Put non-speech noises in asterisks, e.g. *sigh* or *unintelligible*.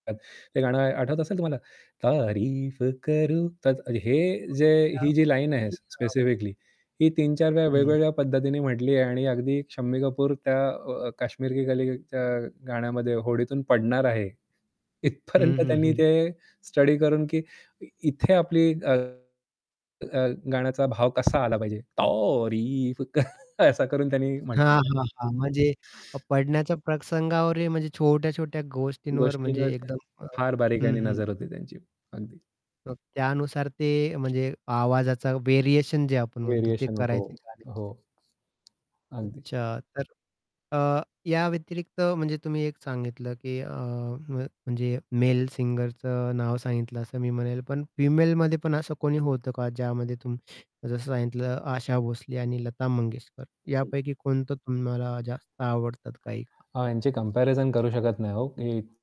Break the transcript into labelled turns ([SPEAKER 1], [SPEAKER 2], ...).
[SPEAKER 1] *unintelligible* हे गाणं आठवत असेल तुम्हाला? तारीफ करूँ. त हे जे
[SPEAKER 2] त्या
[SPEAKER 1] ही जी लाईन आहे
[SPEAKER 2] गोष्टी *unintelligible*
[SPEAKER 1] स्पेसिफिकली ही 3-4 वेळा
[SPEAKER 2] हं.
[SPEAKER 1] वेगवेगळ्या पद्धतीने म्हटली आहे आणि अगदी शम्मी कपूर त्या अ, काश्मीर की कलीच्या गाण्यामध्ये होडीतून पडणार आहे.
[SPEAKER 2] हं,
[SPEAKER 1] इथपर्यंत
[SPEAKER 2] हं,
[SPEAKER 1] त्यांनी
[SPEAKER 2] हं.
[SPEAKER 1] ते स्टडी करून की इथे आपली, अ, अ, गाण्याचा भाव कसा आला पाहिजे? तारीफ करूँ. *chuckles* असं करून त्यांनी
[SPEAKER 2] हां,
[SPEAKER 1] म्हटलेलं आहे.
[SPEAKER 2] हां, हां. म्हणजे पडण्याच्या प्रसंगावरही म्हणजे छोट्या, छोट्या गोष्टींवर म्हणजे
[SPEAKER 1] गोष्टींवर तर
[SPEAKER 2] एकदम अ,
[SPEAKER 1] फार बारीक
[SPEAKER 2] हं,
[SPEAKER 1] याने
[SPEAKER 2] हं.
[SPEAKER 1] नजर होते त्यांची. अगदी.
[SPEAKER 2] मग त्यानुसार ते म्हणजे आवाजाचा व्हेरिएशन जे आपण म्हणतो ते
[SPEAKER 1] व्हेरिएशन अ,
[SPEAKER 2] करायचे
[SPEAKER 1] हो,
[SPEAKER 2] गाण्यावर ते.
[SPEAKER 1] हो. अगदी.
[SPEAKER 2] अच्छा तर अ, या व्यतिरिक्त म्हणजे तुम्ही एक सांगितलं की अ, म म्हणजे मेल सिंगरचं नाव सांगितलं असं मी म्हणेल, पण फिमेलमध्ये पण असं कोणी होत का ज्यामध्ये तुम्ही जसं सांगितलं आशा भोसले आणि लता मंगेशकर
[SPEAKER 1] हं.
[SPEAKER 2] यापैकी कोणतं तुम्हाला जास्त आवडतात काही?
[SPEAKER 1] अ, यांची कम्पॅरिझन करू शकत नाही हो की